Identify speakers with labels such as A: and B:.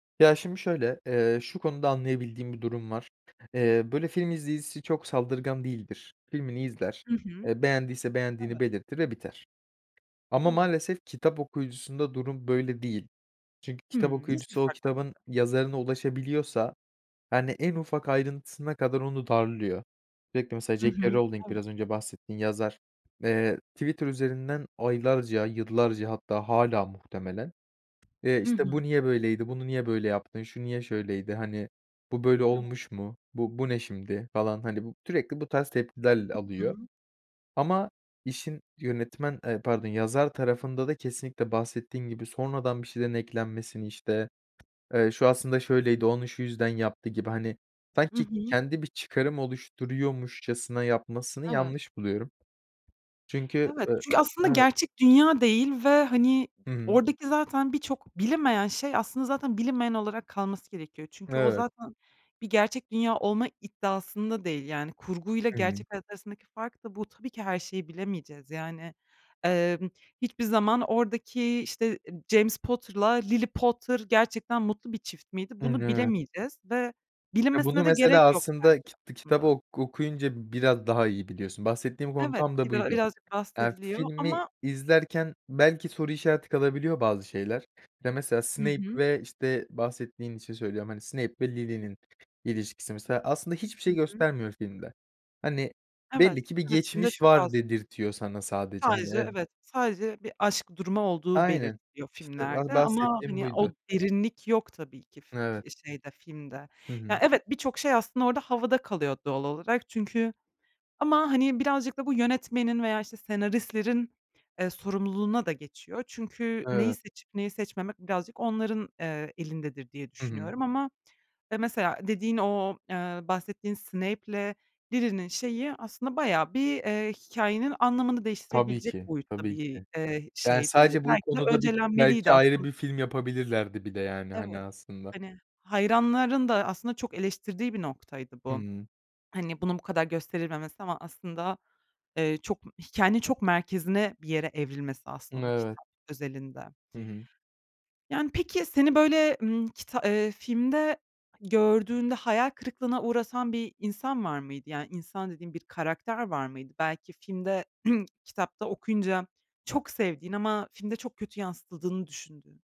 A: Ya, şimdi şöyle, eee, şu konuda anlayabildiğim bir durum var. Eee, böyle, film izleyicisi çok saldırgan değildir. Filmini izler,
B: Hı hı.
A: eee, beğendiyse beğendiğini
B: Evet.
A: belirtir ve biter. Ama
B: Evet.
A: maalesef kitap okuyucusunda durum böyle değil. Çünkü kitap
B: Hıı, nasıl bir
A: okuyucusu o kitabın
B: fark var arada?
A: yazarına ulaşabiliyorsa, yani, en ufak ayrıntısına kadar onu darlıyor. [unintelligible] Mesela
B: Hı
A: J.
B: hı.
A: K. Rowling,
B: Evet.
A: biraz önce bahsettiğin yazar, eee, Twitter üzerinden aylarca, yıllarca hatta hâlâ muhtemelen, eee,
B: Hı
A: işte,
B: hı.
A: "Bu niye böyleydi? Bunu niye böyle yaptın? Şu niye şöyleydi, hani, bu böyle
B: Evet.
A: olmuş mu? Bu bu ne şimdi?" falan, hani, bu sürekli bu tarz tepkiler
B: Hı
A: alıyor.
B: hı.
A: Ama işin yönetmen, ııı, pardon, yazar tarafında da kesinlikle bahsettiğim gibi sonradan bir şeylerin eklenmesini, işte, ııı, "Şu aslında şöyleydi, onu şu yüzden yaptı." gibi, hani,
B: Hı
A: sanki
B: hı.
A: kendi bir çıkarım oluşturuyormuşcasına yapmasını
B: Evet.
A: yanlış buluyorum. Çünkü,
B: Evet,
A: ııı
B: çünkü aslında
A: Evet.
B: gerçek dünya değil ve, hani,
A: Hı hı.
B: oradaki zaten birçok bilinmeyen şey aslında zaten bilinmeyen olarak kalması gerekiyor. Çünkü o
A: Evet.
B: zaten bir gerçek dünya olma iddiasında değil. Yani kurguyla
A: Hı hı.
B: gerçek hayat arasındaki fark da bu. Tabii ki her şeyi bilemeyeceğiz. Yani, emm, hiçbir zaman oradaki, işte, James Potter'la Lily Potter gerçekten mutlu bir çift miydi,
A: Imm,
B: bunu
A: evet.
B: bilemeyeceğiz ve
A: Ya, bunu
B: bilinmesine de gerek
A: mesela
B: yok
A: aslında
B: belki
A: kit kitabı
B: aslında.
A: ok okuyunca biraz daha iyi biliyorsun. Bahsettiğim konu
B: Evet,
A: tam da
B: bigra
A: buydu.
B: birazcık
A: Aaa,
B: bahsediliyor
A: filmi
B: ama
A: izlerken belki soru işareti kalabiliyor bazı şeyler. Ya, mesela
B: Hı
A: Snape
B: hı.
A: ve işte, bahsettiğin için söylüyorum, hani, Snape ve Lily'nin ilişkisi. Mesela aslında hiçbir
B: Hı
A: şey
B: hı.
A: göstermiyor filmde. Hani,
B: Evet,
A: belli ki bir
B: evet, filmde
A: geçmiş
B: çok
A: var
B: az.
A: dedirtiyor sana sadece, hani
B: Sadece
A: [unintelligible]
B: evet, sadece bir aşk durumu olduğu
A: Aynen,
B: belirtiliyor
A: işte ba
B: filmlerde. Ama,
A: bahsettiğim
B: hani,
A: buydu.
B: o derinlik yok tabii ki fi
A: Evet.
B: şeyde, filmde.
A: Hı
B: Ya,
A: hı.
B: evet, birçok şey aslında orada havada kalıyor doğal olarak. Çünkü Ama, hani, birazcık da bu yönetmenin veya, işte, senaristlerin, ııı, sorumluluğuna da geçiyor. Çünkü neyi
A: Evet.
B: seçip neyi seçmemek birazcık onların, eee, elindedir diye
A: Hı hı.
B: düşünüyorum ama, ya, mesela dediğin o, ııı, bahsettiğin Snape'le Lily´nin şeyi, aslında bayağı bir, eee, hikâyenin anlamını
A: Tabii
B: değiştirebilecek
A: ki,
B: boyutta
A: tabii
B: bir,
A: ki.
B: eee,
A: Yani,
B: şeydi.
A: sadece bu
B: Belki de
A: konuda bik belki
B: öncelenmeliydi
A: ayrı
B: aslın
A: bir film yapabilirlerdi bir de. Yani, hani,
B: Evet.
A: aslında.
B: Hani, hayranların da aslında çok eleştirdiği bir noktaydı bu.
A: Hıı.
B: Hani, bunun bu kadar gösterilmemesi ama aslında, eee, çok, hikâyenin çok merkezine bir yere evrilmesi
A: M
B: aslında, [unintelligible]
A: Evet.
B: kitap özelinde.
A: Hı hı.
B: Yani, peki seni, böyle, hımm, kita eee, filmde gördüğünde hayal kırıklığına uğratan bir insan var mıydı? Yani insan dediğim: Bir karakter var mıydı? Belki filmde, kitapta okuyunca çok sevdiğin ama filmde çok kötü yansıtıldığını düşündüğün?